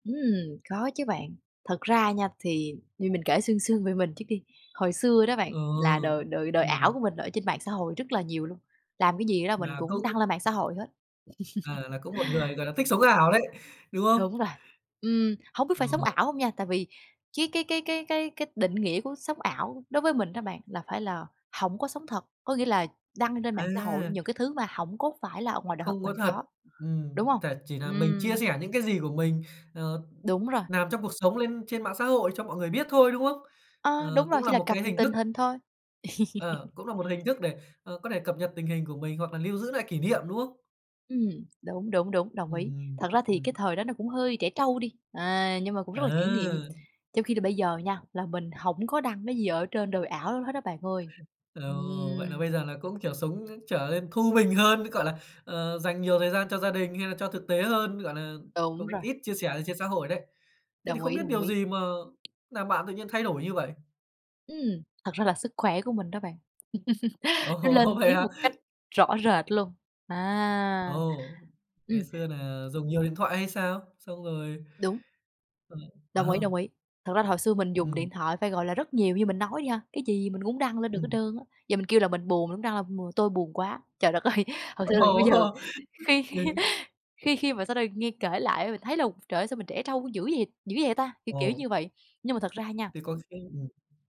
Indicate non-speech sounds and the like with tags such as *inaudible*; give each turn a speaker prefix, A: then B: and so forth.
A: Ừm, có chứ bạn. Thật ra nha, thì như mình kể sương sương về mình trước đi. Hồi xưa đó bạn
B: Ờ,
A: là đời đời đời ảo
B: ừm.
A: của mình ở trên mạng xã hội rất là nhiều luôn, làm cái gì đó mình
B: Là
A: cũng
B: cũng
A: đăng lên mạng xã hội hết.
B: Ờ,
A: *laughs*
B: là cũng một người, gọi là, thích sống ảo đấy, đúng không?
A: Đúng rồi. Ừm, hông biết phải sống
B: Ờ.
A: ảo hông nha, tại vì cái cái cái cái cái cái định nghĩa của sống ảo đối với mình đó bạn là phải là hổng có sống thật. Có nghĩa là đăng lên mạng xã hội
B: À!
A: những cái thứ mà hổng có phải là ngoài đời thật
B: Không có
A: mình
B: thật.
A: có,
B: Ừm,
A: đúng hông?
B: tà chỉ nà mình chia
A: Ừm.
B: sẻ những cái gì của mình, ờ,
A: Đúng rồi.
B: làm trong cuộc sống lên trên mạng xã hội cho mọi người biết thôi, đúng không?
A: Ờ, đúng
B: Ờ,
A: rồi,
B: cũng
A: chỉ
B: là
A: là
B: một
A: cập
B: cái
A: nhật
B: hình
A: tình
B: thức
A: hình thôi.
B: Ờ,
A: *laughs*
B: cũng là một hình thức để, ờ, có thể cập nhật tình hình của mình hoặc là lưu giữ nại kỷ niệm, đúng không?
A: Ừm, đúng, đúng, đúng, đồng
B: Ừm,
A: ý.
B: ừm.
A: Thật ra thì cái
B: Ừm.
A: thời đó nó cũng hơi trẻ trâu đi, à, nhưng mà cũng rất là kỷ niệm.
B: Ờ!
A: Trong khi là bây giờ nha, là mình hổng có đăng cái gì ở trên đời ảo đó hết á bạn ơi.
B: Ồ, vậy nà
A: Ừm.
B: bây giờ là cũng, kiểu, sống, ơ, trở lên thu mình hơn, *unintelligible* gọi là, ờ, dành nhiều thời gian cho gia đình hay là cho thực tế hơn, gọi nà,
A: Đúng
B: cũng
A: rồi.
B: ít chia sẻ lên trên xã hội đấy. Thế thì
A: Đồng
B: không
A: ý,
B: biết
A: đồng
B: điều
A: ý.
B: gì mà làm bạn tự nhiên lại thay đổi như vậy?
A: Ừm, thật ra là sức khỏe của mình đó bạn. *laughs* Nó
B: Ồ,
A: lên
B: vậy
A: tiếng
B: hả?
A: một cách rõ rệt luôn, à.
B: Ồ,
A: Ừm.
B: ngày xưa nà dùng nhiều điện thoại hay sao? Xong rồi
A: Đúng.
B: ừm,
A: Đồng ý,
B: ờ.
A: đồng ý. Thật ra là hồi xưa mình dùng điện
B: Ừm.
A: thoại phải, gọi là, rất nhiều, như mình nói đi ha, cái gì gì mình cũng đăng lên được hết
B: Ừm.
A: trơn á. Giờ mình kêu là mình buồn, mình cũng đăng là b "Tôi buồn quá." Trời đất ơi, thật sự là khi bây
B: Ồ!
A: giờ khi *laughs*
B: *unintelligible*
A: khi khi mà sau đây nghe kể lại á mình thấy là, trời ơi, sao mình trẻ trâu dữ vậy dữ vậy ta? Kiểu kiểu
B: Ồ.
A: như vậy. Nhưng mà thật ra nha
B: Thế có khi ừm.